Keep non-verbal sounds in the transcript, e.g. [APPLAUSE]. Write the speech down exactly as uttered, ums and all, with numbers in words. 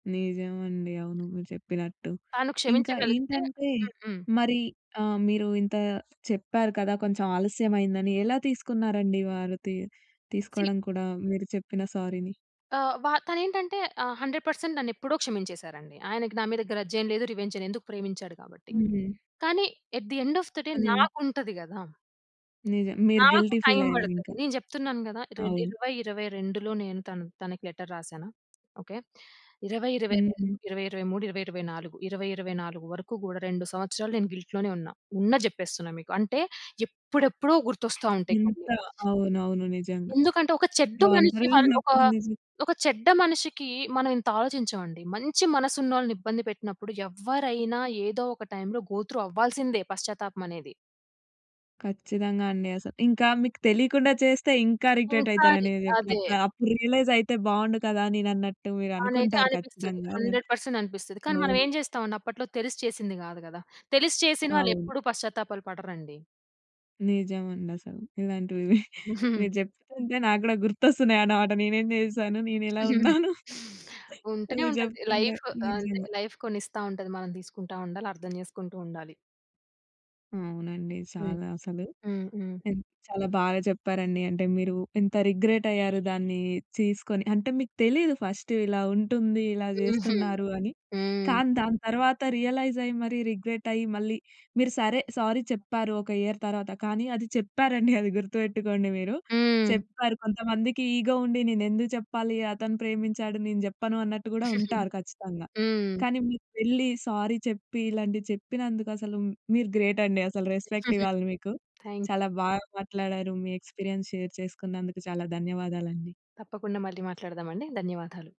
నిజమండి, అవును మీరు చెప్పినట్టు. తాను ఇంకా క్షమించగలిగితే ఏంటంటే, హుహు. మరి మీరు ఆహ్, ఇంత చెప్పారు కదా! కొంచెం ఆలస్యమైందని ఎలా తీసుకున్నారండి. వారు తీ సీ తీసుకోవడం కూడా మీరు చెప్పిన సారీని. ఆహ్, వ తను ఏంటంటే ఆహ్, హండ్రెడ్ పర్సెంట్ నన్ను ఎప్పుడో క్షమించేసారండి. ఆయనకి నా మీద గ్రజ్ ఏం లేదు, రివెంజ్ లేదు, ఎందుకు ప్రేమించాడు కాబట్టి. హ్మ్. కానీ, at the end of the day కాని నాకు ఉంటది కదా! నిజం మీరు నాకు గిల్టీ టైమ్ ఫీలయ్యారు ఇంక. పడతది నేను చెప్తున్నాను కదా! రెండ్ అవును. ఇరవై ఇరవై రెండులో, నేను తన్ తనకి లెటర్ రాసాను. ఓకే. ఇరవై ఇరవై రెండు, హుహు. ఇరవై ఇరవై మూడు, ఇరవై ఇరవై నాలుగు, ఇరవై ఇరవై నాలుగు వరకు కూడా రెండు సంవత్సరాలు, నేను గిల్ట్‌లోనే ఉన్నా, ఉన్నది చెప్పేస్తున్నా మీకు. అంటే ఎప్పుడెప్పుడో గుర్తోస్తా ఉంటాయి ఇంత కొన్ని. అవునవును నిజంగా. ఎందుకంటే, ఒక చెడ్డ మనిషి ఒంటరిగా వల్ ఒక ఉన్నప్పుడు నిజ ఒక చెడ్డ మనిషికి, మనం ఇంత ఆలోచించమండి. మంచి మనసు ఉన్నోళ్ళని ఇబ్బంది పెట్టినప్పుడు, ఎవ్వరైనా ఏదో ఒక టైమ్‌లో గోత్రు అవ్వాల్సిందే. పశ్చాత్తాపం అనేది. కచ్చితంగా అండి. అసల ఇంకా మీకు తెలియకుండా చేస్తే, ఇంకా రిగ్రెట్ అయితారు ఒకసారి అని చెప్పి, అదే. అప్పుడు రియలైజైతే బాగుండు కదా! నేను అన్నట్టు మీరు అనేదే అనుకుంటారు అనిపిస్తది. ఖచ్చితంగా అలా. హండ్రెడ్ పర్సెంట్ అనిపిస్తది. కానీ, మనం అవును. ఏం చేస్తామండి, అప్పట్లో తెలిసి చేసింది కాదు కదా! తెలిసి చేసిన వాళ్ళు అవును. ఎప్పుడు పశ్చాత్తాపాలు పడరండి. నిజం అండి అసలు. ఇలాంటివి హుహుహు. మీరు చెప్తుంటే నాకు కూడా గుర్తొస్తున్నాయి అన్నమాట. నేను ఏమి చేశాను? నేను ఇలా [GIGGLES] ఉన్నాను. ఉంటూనే మీరు ఉంటది. చెప్తుంటే. లైఫ్ అంటే, నిజంగా. లైఫ్ కొన్నిస్తా ఉంటది. మనం తీసుకుంటా ఉండాలి. అర్థం చేసుకుంటూ ఉండాలి. అవునండి. హ్మ్. చాలా అసలు. హ్మ్. హ్మ్. ఎ చాలా బాగా చెప్పారండి. అంటే మీరు ఎంత రిగ్రెటయ్యారు దాన్ని తీసుకొని అంటే, మీకు తెలీదు ఫస్ట్ ఇలా ఉంటుంది, ఇలా హుహు. చేస్తున్నారు అని. హ్మ్. కానీ, దాని తర్వాత రియలైజయ్యి, మరి రిగ్రెటయ్యి మళ్ళీ, మీరు సరే సారీ చెప్పారు, ఒక ఇయర్ తర్వాత. కానీ, అది చెప్పారండి [GIGGLES] అది గుర్తుపెట్టుకోండి మీరు. హ్మ్. చెప్పారు. కొంతమందికి ఇగో ఉండి నేను ఎందుకు చెప్పాలి! అతను ప్రేమించాడు. నేను చెప్పను అన్నట్టు కూడా ఉంటారు, ఖచ్చితంగా. [GIGGLES] కానీ, మీరు వెళ్లి సారీ చెప్పి, ఇలాంటివి చెప్పినందుకు అసలు మీరు గ్రేటండి. అసల రెస్పెక్ట్ [GIGGLES] ఇవ్వాలి మీకు. థాంక్‌యూ. చాలా బాగా మాట్లాడారు. మీ ఎక్స్‌పీరియన్స్ షేర్ చేసుకున్నందుకు చాలా ధన్యవాదాలండి. తప్పకుండా, మళ్ళీ మాట్లాడదాం అండి. ధన్యవాదాలు.